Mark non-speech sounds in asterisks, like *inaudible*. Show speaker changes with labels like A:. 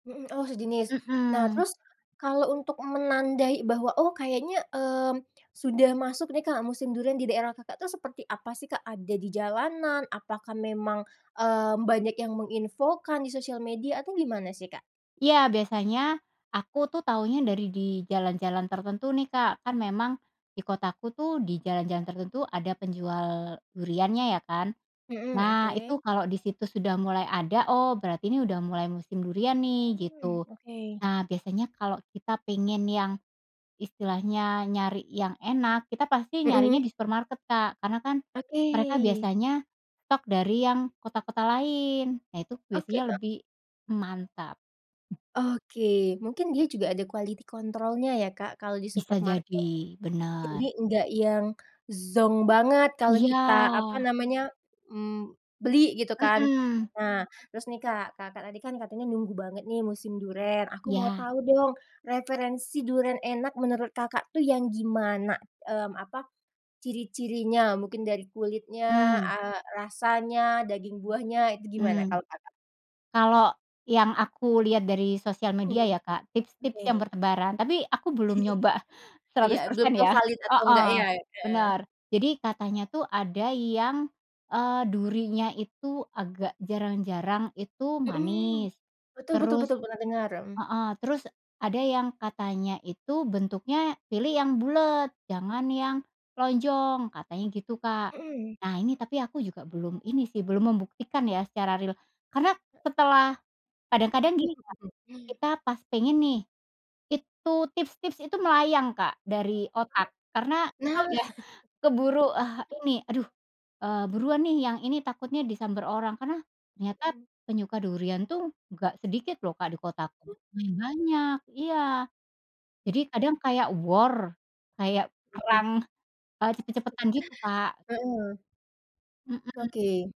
A: Mhm. Oh, sejenis. Nah,
B: Mhm.
A: terus kalau untuk menandai bahwa, oh, kayaknya, mmm, sudah masuk deh, Kak, musim durian di daerah Kakak tuh, seperti apa sih, Kak, ada di jalanan, apakah memang, eee, banyak yang menginfokan di sosial media atau gimana sih, Kak?
B: Iya, biasanya aku tuh tahunya dari di jalan-jalan tertentu nih, Kak. Memang di kotaku tuh di jalan-jalan tertentu ada penjual duriannya ya, kan.
A: Mhm,
B: Nah, itu
A: oke.
B: kalau di situ sudah mulai ada, oh, berarti ini udah mulai musim durian nih,
A: Hmm,
B: gitu.
A: oke.
B: Nah, biasanya kalau kita pengen yang istilahnya, nyari yang enak, kita pasti nyarinya
A: Mhm.
B: di supermarket Kak, karena kan
A: Oke.
B: mereka biasanya stok dari yang kota-kota lain. Nah, itu
A: Oke,
B: biasanya
A: Kak.
B: lebih mantap.
A: Oke, mungkin dia juga ada quality control-nya ya, Kak, kalau di
B: Bisa
A: supermarket,
B: jadi,
A: jadi
B: bener.
A: nggak yang zonk banget. Kalau
B: Iya.
A: kita, apa namanya, mmm, beli gitu kan.
B: Mhm.
A: Nah, terus nih, Kak, Kakak tadi kan katanya nunggu banget nih musim duren, aku mau
B: Iya.
A: tahu dong referensi duren enak menurut Kakak tuh yang gimana, mmm, apa, ciri-cirinya mungkin dari kulitnya,
B: Mmm.
A: eee, rasanya, daging buahnya itu gimana
B: Hmm.
A: kalau Kakak?
B: Kalau yang aku lihat dari sosial media
A: Mmm.
B: ya, Kak, tips-tips yang
A: Oke.
B: bertebaran tapi aku belum nyoba
A: *laughs* Iya,
B: seratus
A: belum
B: persen
A: tahu
B: ya
A: valid atau enggak ya,
B: Heeh,
A: heeh.
B: benar, jadi katanya tuh ada yang, eee, durinya itu agak jarang-jarang itu
A: Mhm,
B: manis,
A: betul betul
B: terus
A: betul, pernah dengar, mhm.
B: heeh, terus ada yang katanya itu bentuknya pilih yang bulet jangan yang lonjong, katanya gitu, Kak.
A: Mhm.
B: Nah, ini tapi aku juga belum ini sih, belum membuktikan ya secara ril karena setelah kadang-kadang gini, Kak,
A: *laughs*
B: kita pas pengen nih, itu tips-tips itu melayang, Kak, dari otak, karena
A: Nah.
B: udah keburu, eee,
A: Mmm.
B: ini, aduh, eee, buruan nih, yang ini takutnya disamber orang karena ternyata
A: Hmm.
B: penyuka durian tuh nggak sedikit loh, Kak, di kotaku. Ya, banyak. Iya, jadi kadang kayak war kayak
A: Mhm.
B: perang, eee, cepet-cepetan, gitu, Kak.
A: Heeh.
B: Mhm.
A: Oke.